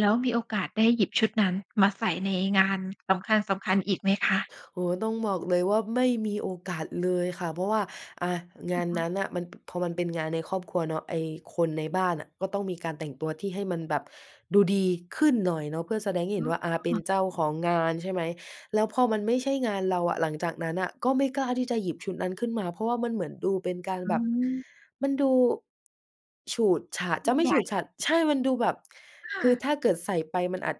แล้วมีโอกาสได้หยิบชุดนั้นมาใส่ในงานสำคัญ ๆ อีกไหมคะ? โอ้โฮ ต้องบอกเลยว่า ไม่มีโอกาสเลยค่ะ เพราะว่า อ่า งานนั้นน่ะ มัน บ พอมันเป็นงานในครอบครัวเนาะ ไอ้คนในบ้านอะก็ต้องมีการแต่งตัวที่ให้มันแบบดูดีขึ้นหน่อยเนาะ เพื่อแสดงให้อเห็นว่า อ่า เป็๋นอ เจ้าของงาน ใช่ไหม แล้วพอมันไม่ใช่งานเราอะ หลังจากนั้นน่ะก็ไม่กล้าที่จะหยิบชุดนั้นขึ้นมา เพราะว่ามันเหมือนดูเป็นการอืแบบ ม มันดูฉูดฉาด ยจิะ่งไม่ใหญฉู่ ดฉาด ใช่ มันดูแบบค่คือะ ถ้าเกิดใส่ไปมันอาจ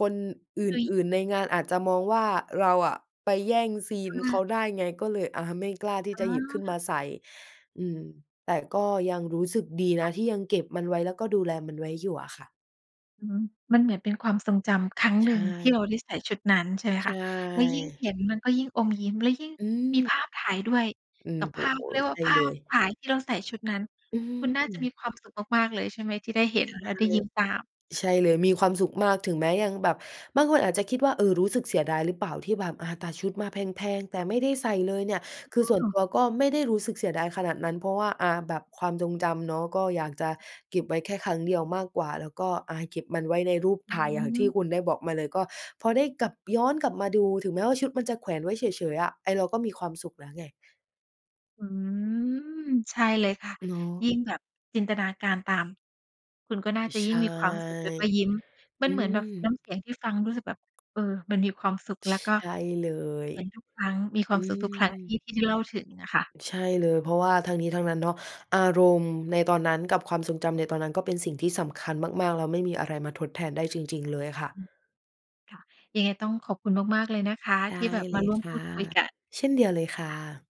คนอื่น ๆ ในงานอาจจะมองว่าเราอะไปแย่งซีคน่เขะ าได้ไง ก็เลยอะไม่กล้าทีอ่๋อ จะหยิบขึ้นค่มะ าใส่ อืม แต่ก็ยังรู้สึกดีนค่ะ ะที่ยังเก็บมันไว้ แล้วก็ดูแลมันไว้อยู่อะค่ะ อืม มันเหมือนเป็นความทรงจำครั้งใหชนึ่งที่เ่ ราได้ใส่ชุดนั้น ใช่ไหมใชคะ แล้วยิ่งเห่ ็นมันก็ยิ่งอมยิ้ม แล้วยิ่งอมีืม ภาพถ่ายด้วย อืกม ับโอภ้าพ โฮ เขาเรียกวใ่ชา ่ภเลาพย ถ่ายที่เราใส่ชุดนั้น อืคุณน่าจะมม ีความสุขมาก ๆ เลยใช่ไหม ที่ได้เห็นใช่ แล้วได้ยิ้มตาม? ใช่เลย มีความสุขมาก ถึงแม้ยังแบบ บางคนอาจจะคิดว่า เออ รู้สึกเสียดายหรือเปล่า ที่แบบ อ่า ตัดชุดมาแพง ๆ แต่ไม่ได้ใส่เลยเนี่ย คือส่อวน้อ ตัวก็ไม่ได้รู้สึกเสียดายขนาดนั้น เพราะว่า อ่า แบบความทรงจำเนาะ ก็อยากจะเก็บไว้แค่ครั้งเดียวมากกว่า แล้วก็ อ่า เก็บมันไว้ในรูปอถ่าย อย่างที่ืม คุณได้บอกมาเลย ก็พอได้กลับ ย้อนกลับมาดู ถึงแม้ว่าชุดมันจะแขวนไว้เฉย ๆ อะ ไอ้เราก็มีความสุขแล้วไง อืม ใช่เลยค่ะ เนายิะ ่งแบบจินตนาการตาม คุณก็น่าจะใชยิ่ง่ มีความสุขแล้วก็ยิ้ม มัอืนเหมือนแบม บน้ำเสียงที่ฟังรู้สึกแบบ เออ มันมีความสุข แล้วก็ใช่เลย เห็นทุกครั้ง มีคอวืามสุขทุกครั้งทม ี่ ที่เล่าถึงอะค่ะ ใช่เลย เพราะว่าทั้งนี้ทั้งนั้นเนาะ อารมณ์ในตอนนั้นกับความทรงจำในตอนนั้น ก็เป็นสิ่งที่สำคัญมาก ๆ แล้วไม่มีอะไรมาทดแทนได้จริง ๆ เลยอะค่ะ อืม ค่ะ ยังไงต้องขอบคุณมาก ๆ เลยนะคะ ไดที่้แบบเลมายร่วมคพู่ะ ดคุยกัน เช่นเดียวเลยค่ค่ะ ะ